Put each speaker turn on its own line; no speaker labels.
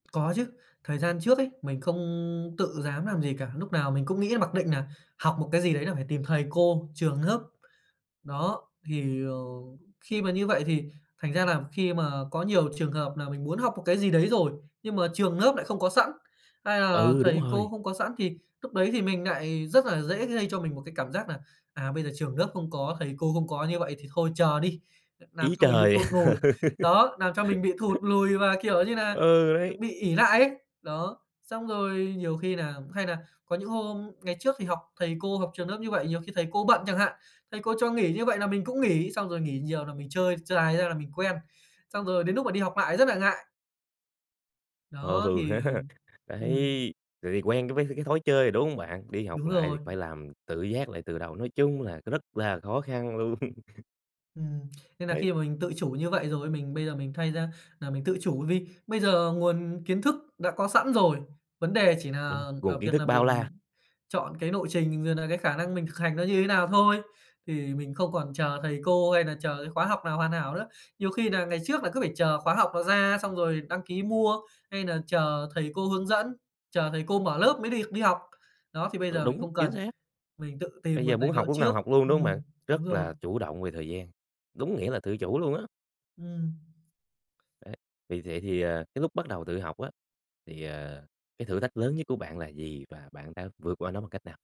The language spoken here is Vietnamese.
Có chứ, thời gian trước ấy mình không tự dám làm gì cả. Lúc nào mình cũng nghĩ mặc định nà học một cái gì đấy là phải tìm thầy cô, trường lớp. Đó, thì, ờ, khi mà như vậy thì thành ra là khi mà có nhiều trường hợp nà mình muốn học một cái gì đấy rồi nhưng mà trường lớp nại không có sẵn hay là
Ừ, đúng
thầy cô
rồi.
không có sẵn, thì lúc đấy thì mình nại rất là dễ gây cho mình một cái cảm giác nà, à, bây giờ trường lớp không có, thầy cô không có như vậy thì thôi chờ đi. Ờ, làm
Ý
cho mình bị
trời!
thụt nùi. Đó, làm cho mình bị thụt lùi và, kiểu như nà,
Ừ, đấy.
bị ỷ lại ấy. Đó. Xong rồi nhiều khi nà hay nà có những hôm ngày trước thì học thầy cô, học trường lớp như vậy, nhiều khi thầy cô bận chẳng hạn. Thầy cô cho nghỉ như vậy là mình cũng nghỉ. Xong rồi nghỉ nhiều nà mình chơi, chơi dài ra là mình quen, xong rồi đến núc mà đi học lại rất là ngại.
Ờ,
Đó
ừ
thì
ha.
ừm.
Đấy, tại vì quen với cái th cái thói chơi rồi, đúng hông bạn? Đi học
Đúng
lại thì
rồi.
phải làm tự giác lại từ đầu, nói chung là c rất là khó khăn luôn.
Ừm, nên là
Đấy.
khi mà mình tự chủ như vậy rồi, mình bây giờ mình thay ra là mình tự chủ vì bây giờ nguồn kiến thức đã có sẵn rồi. Vấn đề chỉ nà
Đúng rồi.
ở
Nguồn
việc
kiến thức
nà
bao
mình
la.
chọn cái nộ trình rồi nà cái khả năng mình kh hành nó như thế nào thôi, thì mình không còn chờ thầy cô hay nà chờ cái khóa học nào hoàn hảo nữa. Nhiều khi nà ngày trước là cứ phải chờ khóa học nó ra xong rồi đăng ký mua, hay nà chờ thầy cô hướng dẫn, chờ thầy cô mở lớp mới được đi học. Đó, thì bây
Ừ,
giờ mình
đúng.
không
Chính
cần,
xác.
mình tự tìm
Bây giờ
nguồn
muốn
tài niệu
học lúc nào
trước.
học luôn, đúng không bạn?
Ừm, đúng
Rất
rồi.
là chủ động về thời gian, đúng nghĩa là tự chủ luôn á.
Ừm.
Đấy, vì vậy thì, à, cái lúc bắt đầu tự học á thì, ờ, cái thử thách lớn nhất của bạn là gì và bạn đã vượt qua nó bằng cách nào?